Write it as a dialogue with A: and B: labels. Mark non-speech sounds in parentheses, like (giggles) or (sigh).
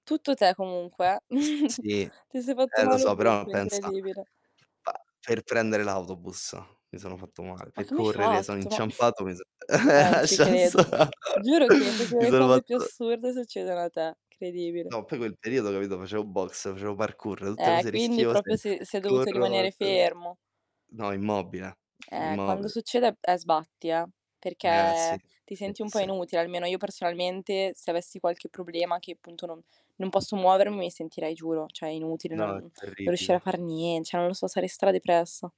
A: Tutto te comunque, eh.
B: S
A: (giggles)
B: sì.
A: Ti sei fatto
B: Eh lo
A: male
B: so, però
A: ovunque,
B: pensa
A: incredibile.
B: Bah, per prendere l'autobus, mi sono fatto mal
A: Ma
B: Pe
A: come hai
B: correre sono
A: fatto?
B: inciampato mi so
A: (snorts) Ma non
B: (chuckles)
A: ci
B: lascia
A: credo.
B: sta
A: Giuro che
B: (chuckles)
A: proprio
B: Mi
A: le
B: sono
A: cose più
B: fatto
A: assurde succedono a te, credibile.
B: No, poi quel periodo capito? Facevo boxe, facevo parkour, tutte
A: Eh,
B: cose
A: quindi
B: rischiose.
A: proprio si si è dovuto
B: Corro
A: rimanere
B: per
A: fermo.
B: No, immobile.
A: Eh, quando
B: Immob
A: succede è sbatti, eh,
B: Eh, sì.
A: perché ti
B: Sì.
A: senti un po'
B: Sì.
A: inutile, almeno io personalmente, se avessi qualche problema che, punto, non non posso muovermi mi sentirei giuro cioè, inutile
B: No,
A: non
B: è
A: non riuscire a
B: terribile.
A: far nien cioè, non lo so, sarei stra-depressa.